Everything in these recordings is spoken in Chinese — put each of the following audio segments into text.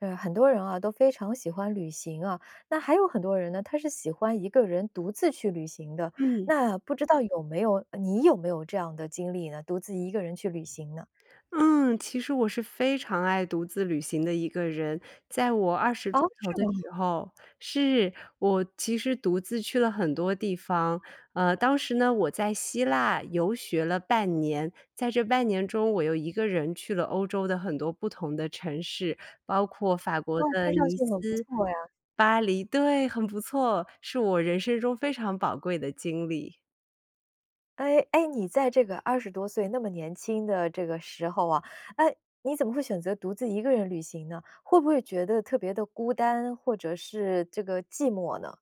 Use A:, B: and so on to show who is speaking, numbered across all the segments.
A: 呃，很多人啊，都非常喜欢旅行啊，那还有很多人呢，他是喜欢一个人独自去旅行的。
B: 嗯。
A: 那不知道有没有呃，你有没有这样的经历呢，独自一个人去旅行呢？
B: 嗯，其实我是非常爱独自旅行的一个人。在我20出
A: 哦？
B: 头
A: 是
B: 的
A: 吗？
B: 时候是，我其实独自去了很多地方。呃，当时呢，我在希腊游学了半年，在这半年中，我又一个人去了欧洲的很多不同的城市，包括法国
A: 哇，
B: 的
A: 听上
B: 尼
A: 去很不
B: 斯、
A: 错呀。
B: 巴黎对，很不错，是我人生中非常宝贵的经历。
A: 诶诶，你在这个20多岁那么年轻的这个时候啊，诶，你怎么会选择独自一个人旅行呢？会不会觉得特别地孤单，或者是这个寂寞呢？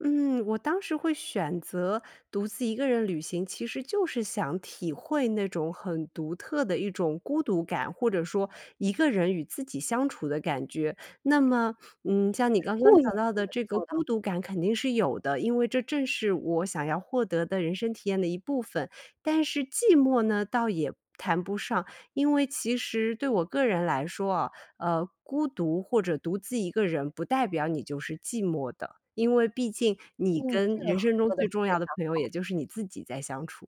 B: 嗯，我当时会选择独自一个人旅行，其实就是想体会那种很独特的一种孤独感，或者说一个人与自己相处的感觉。那么，嗯，像你
A: 就是
B: 刚刚
A: 故意
B: 讲到
A: 这
B: 的
A: 么
B: 这个
A: 做
B: 孤
A: 的。
B: 独感肯定是有的，因为这正是我想要获得的人生体验的一部分。但是寂寞呢，倒也谈不上，因为其实对我个人来说啊，呃，孤独或者独自一个人不代表你就是寂寞的，因为毕竟你
A: 嗯，
B: 跟
A: 这个
B: 人
A: 好，
B: 生中
A: 说得
B: 最重
A: 非
B: 要
A: 常
B: 的朋友，也
A: 好。
B: 就是你自己在相处。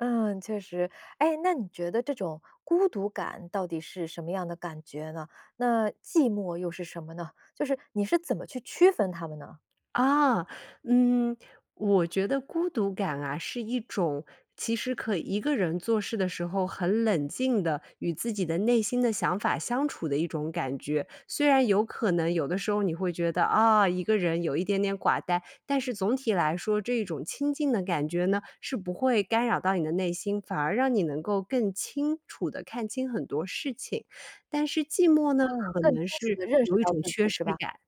A: 嗯，确实。诶，那你觉得这种孤独感到底是什么样的感觉呢？那寂寞又是什么呢？就是你是怎么去区分它们呢？
B: 啊，嗯，我觉得孤独感啊，是一种其实可以一个人做事的时候，很冷静地与自己的内心的想法相处的一种感觉。虽然有可能有的时候你会觉得，啊，一个人有一点点寡淡，但是总体来说，这一种清静的感觉呢，是不会干扰到你的内心，反而让你能够更清楚地看清很多事情。但是寂寞呢，
A: 嗯，
B: 可
A: 更清
B: 能
A: 楚
B: 是
A: 地认识
B: 有一
A: 到
B: 种
A: 自
B: 缺
A: 己
B: 失
A: 是吧？
B: 感。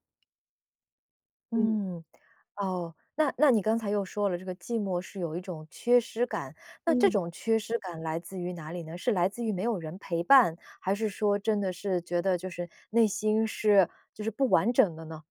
B: 嗯。
A: 嗯，哦，那那你刚才又说了，这个寂寞是有一种缺失感，那这
B: 嗯。
A: 种缺失感来自于哪里呢？是来自于没有人陪伴，还是说真的是觉得就是内心是就是不完整的呢？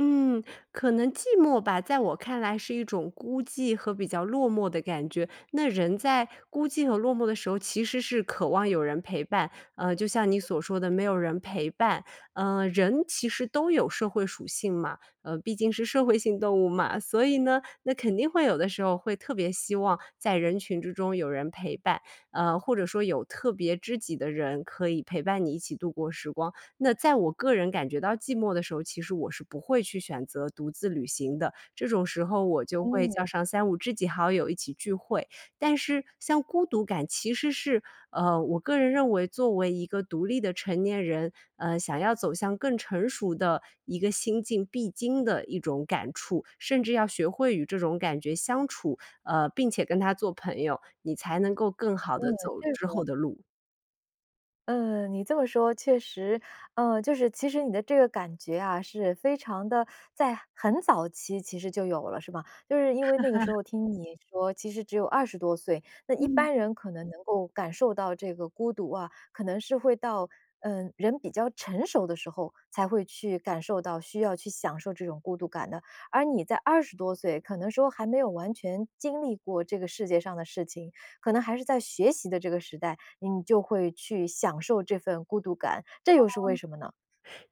B: 嗯，可能寂寞吧，在我看来是一种孤寂和比较落寞的感觉。那人在孤寂和落寞的时候其实是渴望有人陪伴，呃，就像你所说的没有人陪伴，呃，人其实都有社会属性嘛，呃，毕竟是社会性动物嘛。所以呢，那肯定会有的时候会特别希望在人群之中有人陪伴，呃，或者说有特别知己的人可以陪伴你一起度过时光。那在我个人感觉到寂寞的时候，其实我是不会去选择独自旅行的，这种时候我就会叫
A: 嗯。
B: 上三五知己好友一起聚会。但是像孤独感其实是，呃，我个人认为作为一个独立的成年人，呃，想要走向更成熟的一个心境必经的一种感触。甚至要学会与这种感觉相处，呃，并且跟它做朋友，你才能够更好地
A: 对，
B: 走
A: 这
B: 之后
A: 个
B: 的路。
A: 嗯，你这么说，确实。呃，就是其实你的这个感觉啊，是非常地在很早期其实就有了是吗？就是因为那个时 候听你说，其实只有20多岁。那一
B: 嗯。
A: 般人可能能够感受到这个孤独啊，可能是会到嗯，人比较成熟的时候，才会去感受到需要去享受这种孤独感的。而你在20多岁，可能说还没有完全经历过这个世界上的事情，可能还是在学习的这个时代，你就会去享受这份孤独感，这
B: 哦，
A: 又是为什么呢？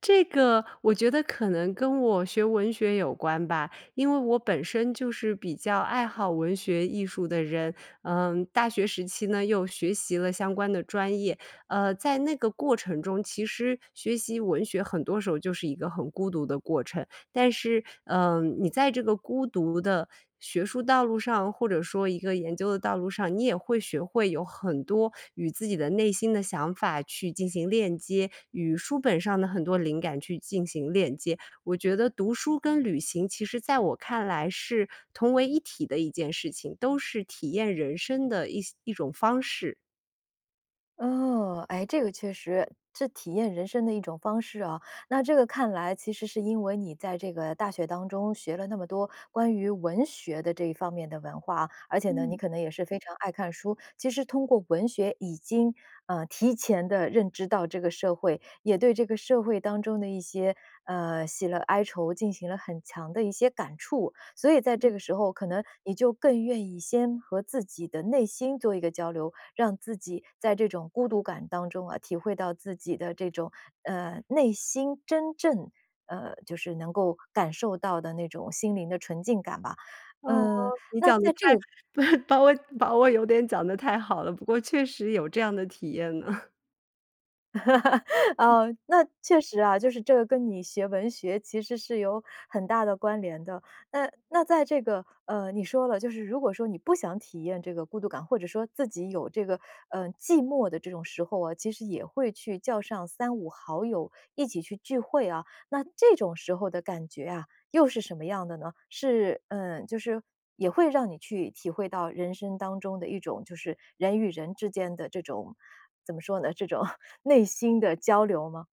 B: 这个我觉得可能跟我学文学有关吧。因为我本身就是比较爱好文学艺术的人，嗯，大学时期呢，又学习了相关的专业。呃，在那个过程中，其实学习文学很多时候就是一个很孤独的过程。但是，嗯，你在这个孤独的学术道路上，或者说一个研究的道路上，你也会学会有很多与自己的内心的想法去进行链接，与书本上的很多灵感去进行链接。我觉得读书跟旅行其实在我看来是同为一体的一件事情，都是体验人生的一些一种方式。
A: 哦，哎，这个确实，这体验人生的一种方式啊。那这个看来其实是因为你在这个大学当中学了那么多关于文学的这一方面的文化，而且呢，你
B: 嗯。
A: 可能也是非常爱看书，其实通过文学已经，呃，提前地认知到这个社会，也对这个社会当中的一些，呃，喜乐哀愁，进行了很强的一些感触。所以在这
B: 嗯。
A: 个时候，可能你就更愿意先和自己的内心做一个交流，让自己在这种孤独感当中啊，体会到自己的这种，呃，内心真正，呃，就是能够感受到的那种心灵的纯净感吧。
B: 哦，
A: 嗯，
B: 你
A: 那
B: 讲得
A: 在这
B: 太
A: 个
B: 不是，把我把我有点讲得太好了，不过确实有这样的体验呢。嗯。
A: 呃，那确实啊，就是这个跟你学文学其实是有很大的关联的。那那在这个，呃，你说了，就是如果说你不想体验这个孤独感，或者说自己有这个，呃，寂寞的这种时候啊，其实也会去叫上3-5好友一起去聚会啊。那这种时候的感觉啊，又是什么样的呢？是呃，就是也会让你去体会到人生当中的一种，就是人与人之间的这种怎么说呢，这种内心的交流吗？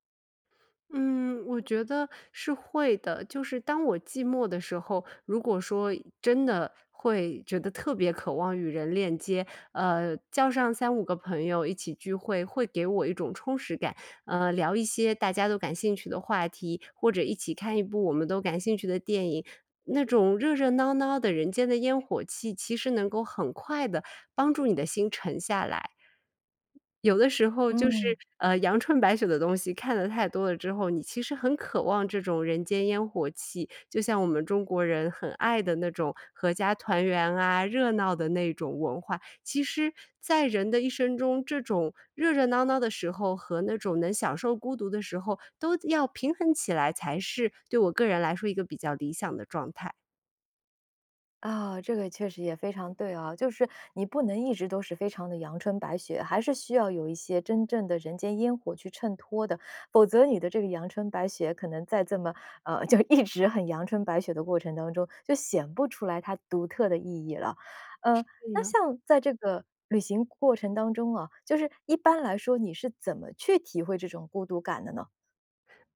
B: 嗯，我觉得是会的。就是当我寂寞的时候，如果说真的会觉得特别渴望与人链接，呃，叫上3-5个朋友一起聚会，会给我一种充实感。呃，聊一些大家都感兴趣的话题，或者一起看一部我们都感兴趣的电影，那种热热闹闹的人间的烟火气，其实能够很快地帮助你的心沉下来。有的时候就是，
A: 嗯。
B: 呃，阳春白雪的东西看得太多了之后，你其实很渴望这种人间烟火气，就像我们中国人很爱的那种阖家团圆啊，热闹的那种文化。其实在人的一生中，这种热热闹闹的时候，和那种能享受孤独的时候，都要平衡起来才是对我个人来说一个比较理想的状态。
A: 啊，这个确实也非常对啊。就是你不能一直都是非常得阳春白雪，还是需要有一些真正的人间烟火去衬托的，否则你的这个阳春白雪可能在这么，呃，就一直很阳春白雪的过程当中，就显不出来它独特的意义了。
B: 是
A: 呃，那
B: 呢。
A: 像在这个旅行过程当中啊，就是一般来说你是怎么去体会这种孤独感的呢？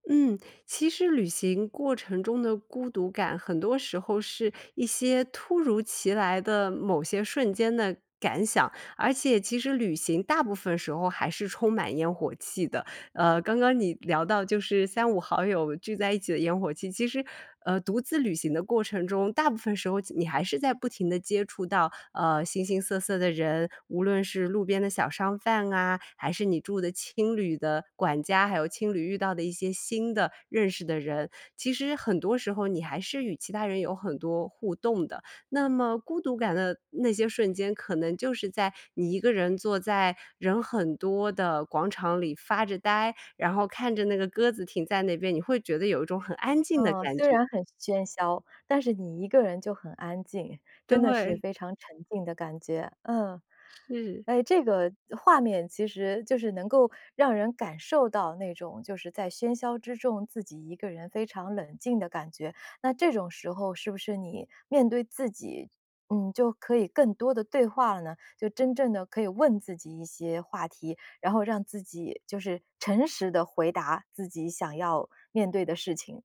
B: 嗯，其实旅行过程中的孤独感很多时候是一些突如其来的某些瞬间的感想，而且其实旅行大部分时候还是充满烟火气的。呃，刚刚你聊到就是三五好友聚在一起的烟火气，其实，呃，独自旅行的过程中，大部分时候其你还是在不停地接触到，呃，形形色色的人，无论是路边的小商贩啊，还是你住的青旅的管家，还有青旅遇到的一些新的认识的人，其实很多时候你还是与其他人有很多互动的。那么孤独感的那些瞬间，可能就是在你一个人坐在人很多的广场里发着呆，然后看着那个鸽子停在那边，你会觉得有一种很安静的
A: 嗯，
B: 感
A: 虽
B: 觉。
A: 然很喧嚣，但是你一个人就很安静，真的是
B: 对。
A: 非常沉静的感觉，嗯。
B: 是。
A: 哎，这个画面其实就是能够让人感受到那种，就是在喧嚣之中自己一个人非常冷静的感觉。那这种时候是不是你面对自己嗯，就可以更多地对话了呢？就真正的可以问自己一些话题，然后让自己就是诚实地回答自己想要面对的事情？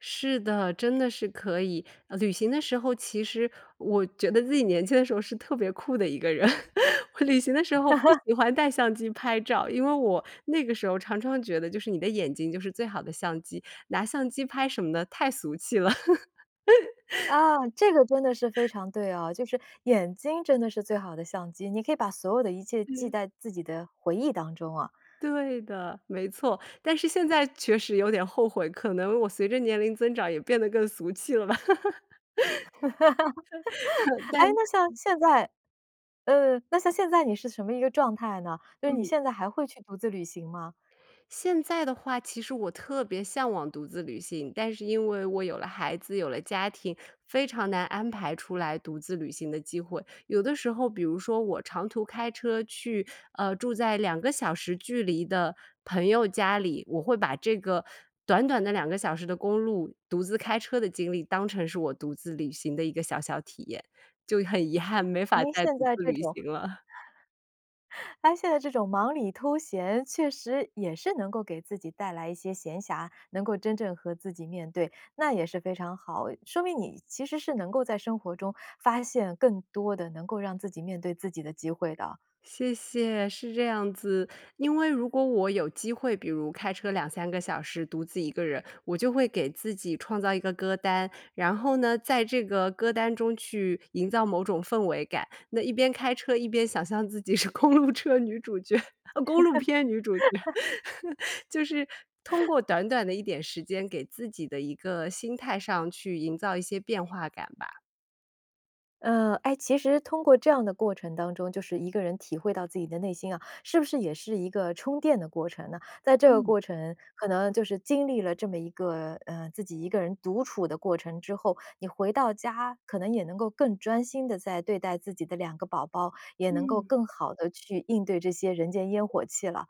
B: 是的，真的是可以。呃，旅行的时候，其实我觉得自己年轻的时候是特别酷的一个人，我旅行的时候不喜欢带相机拍照，因为我那个时候常常觉得就是你的眼睛就是最好的相机，拿相机拍什么的太俗气了。
A: 啊，这个真的是非 常对啊，就是眼睛真的是最好的相机，你可以把所有的一切记
B: 是。
A: 在自己的回忆当中啊。
B: 对的，没错。但是现在确实有点后悔，可能我随着年龄增长也变得更俗气了吧。但
A: 哎那像现在呃，那像现在你是什么一个状态呢？就是你
B: 嗯。
A: 现在还会去独自旅行吗？
B: 现在的话，其实我特别向往独自旅行，但是因为我有了孩子，有了家庭，非常难安排出来独自旅行的机会。有的时候比如说我长途开车去，呃，住在2个小时距离的朋友家里，我会把这个短短的2个小时的公路独自开车的经历当成是我独自旅行的一个小小体验。就很遗憾，没法
A: 您
B: 再独
A: 现在
B: 自
A: 这
B: 旅
A: 种
B: 行了。
A: 但是现在这种忙里偷闲，确实也是能够给自己带来一些闲暇，能够真正和自己面对，那也是非常好，说明你其实是能够在生活中发现更多的能够让自己面对自己的机会的。
B: 谢谢，是这样子。因为如果我有机会，比如开车2-3个小时独自一个人，我就会给自己创造一个歌单。然后呢，在这个歌单中去营造某种氛围感，那一边开车一边想象自己是公路车女主角，哦公路片女主角，就是通过短短的一点时间给自己的一个心态上去营造一些变化感吧。
A: 呃，诶，其实通过这样的过程当中，就是一个人体会到自己的内心啊，是不是也是一个充电的过程呢？在这个
B: 嗯。
A: 过程，可能就是经历了这么一个呃，自己一个人独处的过程之后，你回到家，可能也能够更专心地再对待自己的两个宝宝，也能够
B: 嗯。
A: 更好地去应对这些人间烟火气了。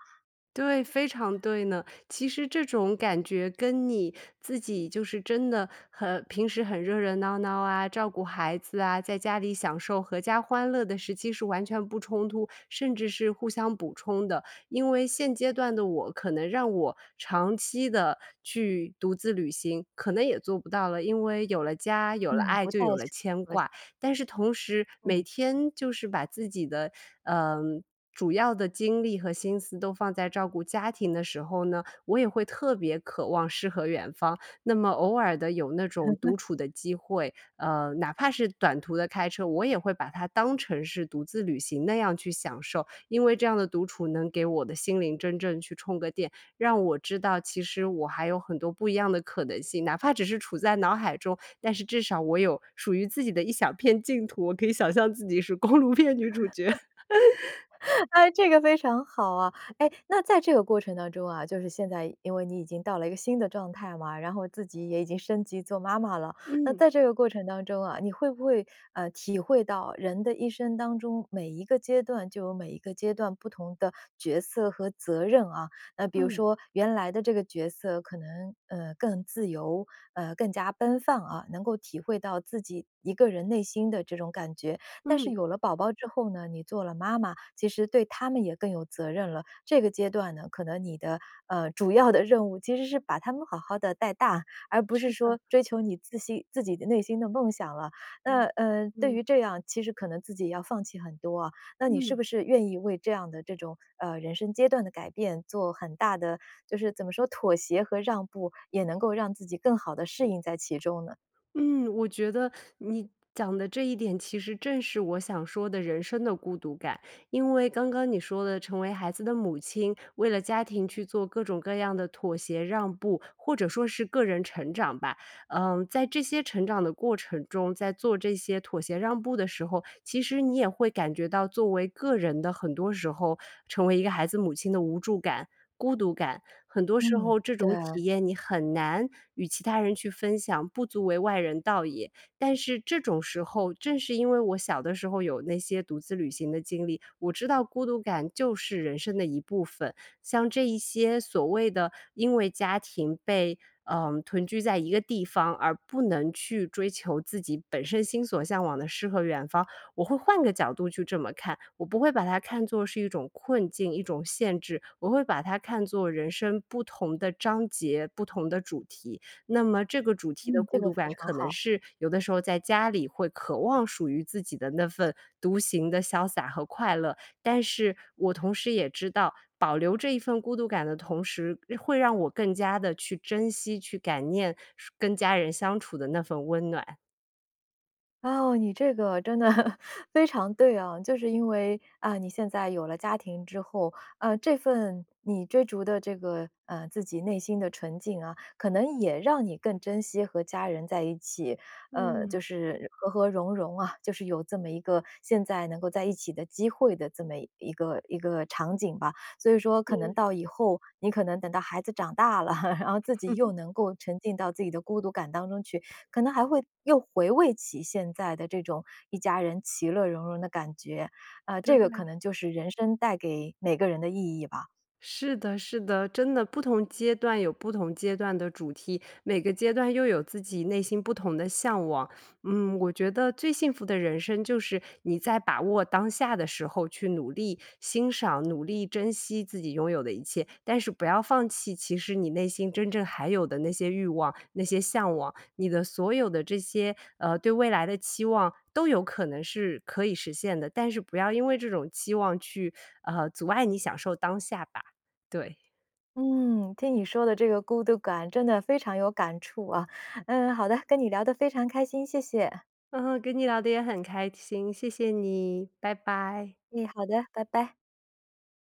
B: 对，非常对呢。其实这种感觉跟你自己就是真的，很平时很热热闹闹啊，照顾孩子啊，在家里享受阖家欢乐的时期是完全不冲突，甚至是互相补充的。因为现阶段的我可能让我长期地，去独自旅行，可能也做不到了，因为有了家，有了
A: 嗯，
B: 爱、
A: 不
B: 就
A: 太
B: 有了
A: 适
B: 牵
A: 合。
B: 挂。但是同时每
A: 嗯。
B: 天，就是把自己的，呃，主要的精力和心思都放在照顾家庭的时候呢，我也会特别渴望诗和远方。那么偶尔地有那种独 处的机会，呃，哪怕是短途的开车，我也会把它当成是独自旅行那样去享受。因为这样的独处能给我的心灵真正去充个电，让我知道其实我还有很多不一样的可能性，哪怕只是处在脑海中，但是至少我有，属于自己的一小片净土，我可以想象自己是，公路片女主角。
A: 诶，这个非常好啊。诶，那在这个过程当中啊，就是现在因为你已经到了一个新的状态嘛，然后自己也已经升级做妈妈了。那
B: 嗯。
A: 在这个过程当中啊，你会不会，呃，体会到人的一生当中，每一个阶段就有每一个阶段不同的角色和责任啊？那比如
B: 嗯。
A: 说原来的这个角色可能，呃，更自由，呃，更加奔放啊，能够体会到自己，一个人内心的这种感觉。但是
B: 嗯。
A: 有了宝宝之后呢，你做了妈妈，其实对他们也更有责任了，这个阶段呢，可能你的，呃，主要的任务其实是把他们好好地带大，而不
B: 是
A: 是
B: 的。
A: 说追求你自心自己的内心的梦想了。那，
B: 嗯
A: 呃，对
B: 嗯。
A: 于这样，其实可能自己要放弃很多啊，那你是
B: 嗯。
A: 不是愿意为这样的这种，呃，人生阶段的改变做很大的就是怎么说妥协和让步？也能够让自己更好地适应在其中呢？
B: 嗯，我觉得你讲的这一点其实正是我想说的人生的孤独感。因为刚刚你说的成为孩子的母亲，为了家庭去做各种各样的妥协让步，或者说是个人成长吧，呃，在这些成长的过程中，在做这些妥协让步的时候，其实你也会感觉到作为个人的很多时候，成为一个孩子母亲的无助感、孤独感、很多时
A: 嗯，
B: 候这
A: 对。
B: 种体验你很难，与其他人去分享，不足为外人道也。但是这种时候，正是因为我小的时候有那些独自旅行的经历，我知道孤独感就是人生的一部分。像这一些所谓的因为家庭被，呃，囤聚在一个地方，而不能去追求自己本身心所向往的诗和远方，我会换个角度去这么看。我不会把它看作是一种困境，一种限制、我会把它看作人生不同的章节，不同的主题。那么这个主题的
A: 嗯，这
B: 孤
A: 个
B: 独
A: 非
B: 感，
A: 常
B: 可能
A: 好。
B: 是，有的时候在家里会渴望属于自己的那份独行的潇洒和快乐。但是，我同时也知道，保留这一份孤独感的同时，会让我更加地去珍惜去感念跟家人相处的那份温暖。
A: 啊，哦，你这个真的 非常对啊。就是因为，啊，你现在有了家庭之后，啊，这份你追逐的这个，呃，自己内心的纯净啊，可能也让你更珍惜和家人在一起，呃，就
B: 嗯。
A: 是和和融融啊，就是有这么一个现在能够在一起的机会的这么一个一个场景吧。所以说可能
B: 嗯。
A: 到以后，你可能等到孩子长大了，然后自己又 能够沉浸到自己的孤独感当中去，可能还会又回味起现在的这种一家人其乐融融的感觉。啊，这个可
B: 对。
A: 能就是人生带给每个人的意义吧。
B: 是的是的，真的，不同阶段有不同阶段的主题，每个阶段又有自己内心不同的向往。嗯，我觉得最幸福的人生就是你在把握当下的时候去努力欣赏、努力珍惜自己拥有的一切。但是不要放弃，其实你内心真正还有的那些欲望、那些向往，你的所有的这些，呃，对未来的期望都有可能是可以实现的，但是不要因为这种期望去，呃，阻碍你享受当下吧，对。
A: 嗯，听你说的这个孤独感真的非常有感触啊。嗯，好的，跟你聊得非常开心，谢谢。
B: 嗯嗯，跟你聊得也很开心，谢谢你，拜拜。
A: 哎，好的，拜拜。